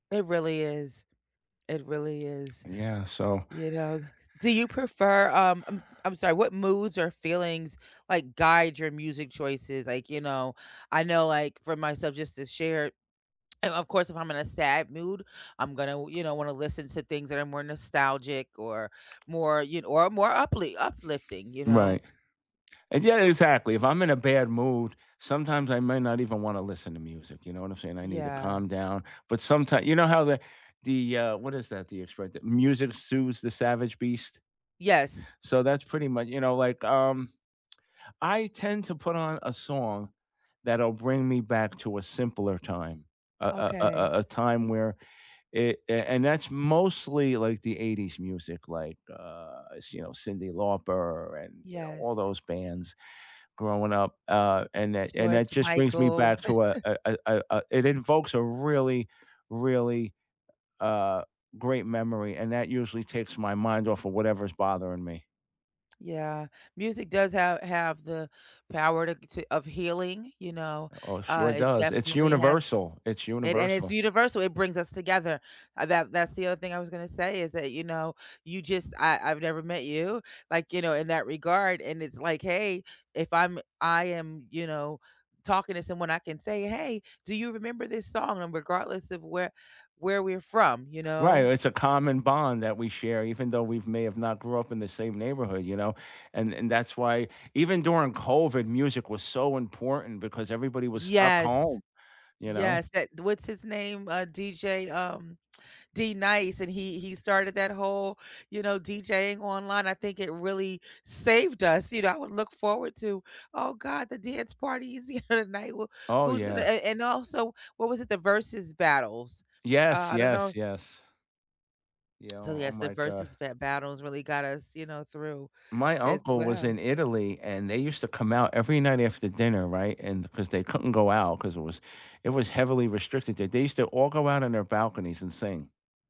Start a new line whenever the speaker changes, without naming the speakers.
It really is. It really is.
Yeah, so
You know? Do you prefer, um I'm I'm sorry what moods or feelings, like, guide your music choices? Like, you know, I know, like, for myself, just to share um, of course, if I'm in a sad mood, I'm gonna w you know, wanna listen to things that are more nostalgic, or, more, you kn or more upli uplifting, you know?
Right. And, yeah, exactly, if I'm in a bad mood, sometimes I may not even wanna listen to music, you know what I'm saying? I need to
Yeah.
calm down, but sometime you know how the the, uh, what is that, the expression? The "music soothes the savage beast?"
Yes.
So that's pretty mu you know, like, um, I tend to put on a song that'll bring me back to a simpler time, a a a
Okay.
a a time where, i i and that's mostly, like, the '80s music, like, uh, it's, you know, Cyndi Lauper, and, you know, all
Yes.
those bands growing up, uh, and that and
George
that just brings me
Michael.
back to a a a a a it invokes a really, really, uh, great memory, and that usually takes my mind off of whatever's bothering me.
Yeah. Music does ha have the power to to of healing, you know?
Oh, it
Uh,
sure
it
does. It's
definitely has
universal, it's
And and it's
universal.
universal, it brings us together. Uh, that that's the other thing I was gonna say, is that, you know, you just I I've never met you, like, you know, in that regard, and it's like, "Hey," if I'm I am, you know, talking to someone, I can say, "Hey, do you remember this song?" And regardless of where where we're from, you
Right,
know?
it's a common bond that we share, even though we may have not grew up in the same neighborhood, you know? And and that's why even during COVID, music was so important, because everybody was stuck
Yes.
home, you know?
Yes, that what's his name? Uh, DJ, um D-Nice, and he he started that whole, you know, DJ-ing online, I think it really saved us, you know, I would look forward to, "Oh god, the dance party is here tonight, who
Oh,
who's gonna"
yeah.
And And also, what was it? The versus battles. Uh,
Yes,
I don't know
yes, yes. Yeah,
So,
oh oh
yes, the
my god.
versus bat battles really got us, you know, through,
My
as
uncle was
well.
in Italy, and they used to come out every night after dinner, right? And 'cause they couldn't go out, 'cause it was it was heavily restricted there. They used to all go out on their balconies and sing.